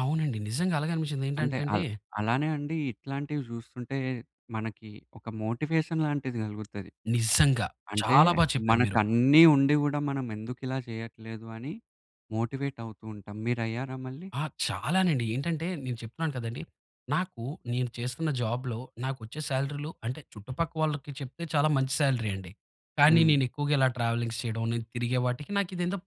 అవునండి. నిజంగా అలాగేనిపిచ్చింది అంటే ఏంటంటే అండి అల్ అలానే అండి. ఇట్లాంటివి చూస్తుంటే మనకి ఒక మోటివేషన్ లాంటిది కలుగుతది. నిజంగా! అంటే చాలా బా చెప్పారు మనకు మీరు. అన్నీ ఉండి కూడా మనమెందుకిలా చెయ్యట్లేదు అని మోటివేట్ అవుతూ ఉంటాం. మీరయ్యారా మళ్ళీ? ఆ! చాలానండి. ఏంటంటే నేను చెప్తున్నాను కదండీ! నాకు నేను చేస్తున్న జాబ్‌లో నాకొచ్చే సాలరీలు అంటే చుట్టుపక్క వాళ్ళకి చెప్తే చాలా మంచి సాలరీ అండి. కానీ హ్మ్. నేను ఎక్కువగా ఇలా ట్రావెలింగ్స్ చేయడం, నేను తిరిగే వాటికి నాకిదేందో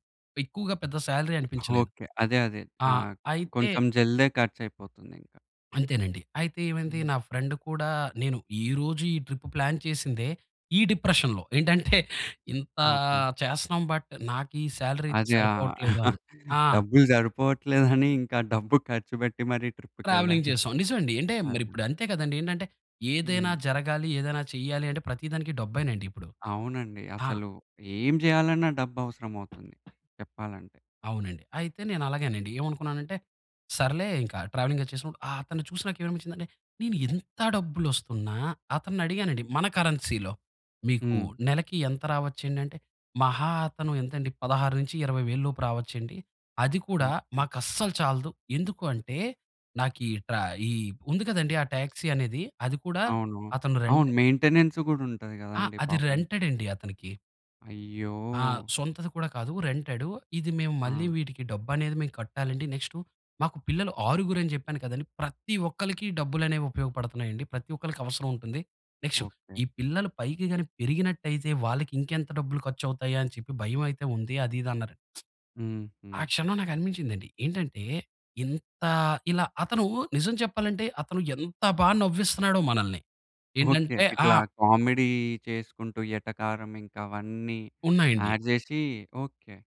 ఎక్కువగా పెద్ద సాలరీ అనిపించలేదు. ఓకే. అదే, అదే ఆ! ఆహ్, అయితే కొంచెం జల్దే ఖర్చయిపోతుందింకా. అంతేనండి. అయితే ఏమైంది? హ్మ్. నా ఫ్రెండ్ కూడా నేను ఈ రోజు ఈ ట్రిప్ ప్లాన్ చేసిందే ఈ డిప్రెషన్‌లో. ఏంటంటే ఇంతా ఓకే. చేస్తున్నాం బట్ నాకీ సాలరీ అయితే అదా! సరిపోవట్లేదుని ఆ! డబ్బులు సరిపోవట్లేదని ఇంకా డబ్బు ఖర్చు పెట్టి మరి ట్రావెలింగ్ ట్రిప్‌కెళ్ళారు. చేశాం. నిజమండి. అంటే అదే! మరిప్పుడు అంతే కదండీ! ఏంటంటే ఏదైనా హ్మ్. జరగాలి, ఏదైనా చేయాలి అంటే ప్రతి దానికి డబ్బేనండి ఇప్పుడు. అవునండి. ఆ! అసలు ఏం చేయాలన్నా డబ్బవసరమవుతుంది చెప్పాలంటే. అవునండి. అయితే నేను అలాగేనండి. ఏమనుకున్నానంటే సర్లే ఇంకా ట్రావెలింగ్ అది చేసినప్పుడు ఆహ్, అతన్ని చూసి నాకేమనిపిచ్చిందంటే నేను ఎంత డబ్బులస్తున్నా అతన్ని అడిగానండి మన కరెన్సీలో. మీకు హ్మ్. నెలకి ఎంత రావచ్చండి అంటే మహా అతను ఎంతండి? 16-20000 లోపు రావచ్చు అండి. అది కూడా ఓకే. మాకస్సలు చాలదు. ఎందుకు అంటే నాకు ఈ ట్రా ఈ ఉంది కదండీ. ఆ టాక్సీ అనేది, అది కూడా అవును. అతను అవును. రెంట్ మెయింటెనెన్స్ కూడా ఉంటది ఆ! కదండీ అది పాపం. రెంటెడండి అతనికి. అయ్యో! ఆ! సొంతది కూడా కాదు రెంటెడ్. ఇది మేము మళ్ళీ ఆ! వీటికి డబ్బనేది మేం కట్టాలండి. నెక్స్ట్ మాకు పిల్లలు ఆరుగురని చెప్పాను కదండీ! ప్రతి ఒక్కళ్ళకి డబ్బులనేవి ఉపయోగపడుతున్నాయండి. ప్రతి ఒక్కళ్ళకి అవసరముంటుంది. Next okay. ఈ పిల్లలు పైకి గాని పెరిగినట్టయితే వాళ్లకి ఇంకెంత డబ్బులు ఖర్చు అవుతాయా? అని చెప్పి భయమయితే ఉంది. అది ఇది అన్నారండి. హ్మ్. హ్మ్. ఆ క్షణం నాకనిపించిందండి. ఏంటంటే ఇంత ఇలా అతను నిజం చెప్పాలంటే అతను ఎంత బాగా నవ్విస్తున్నాడో మనల్ని ఓకే. ఏంటంటే ఆ ఇట్లా కామెడీ చేసుకుంటూ ఎటకారం ఇంకా అవన్నీ ఉన్నాయండి. యాడ్ చేసి ఓకే.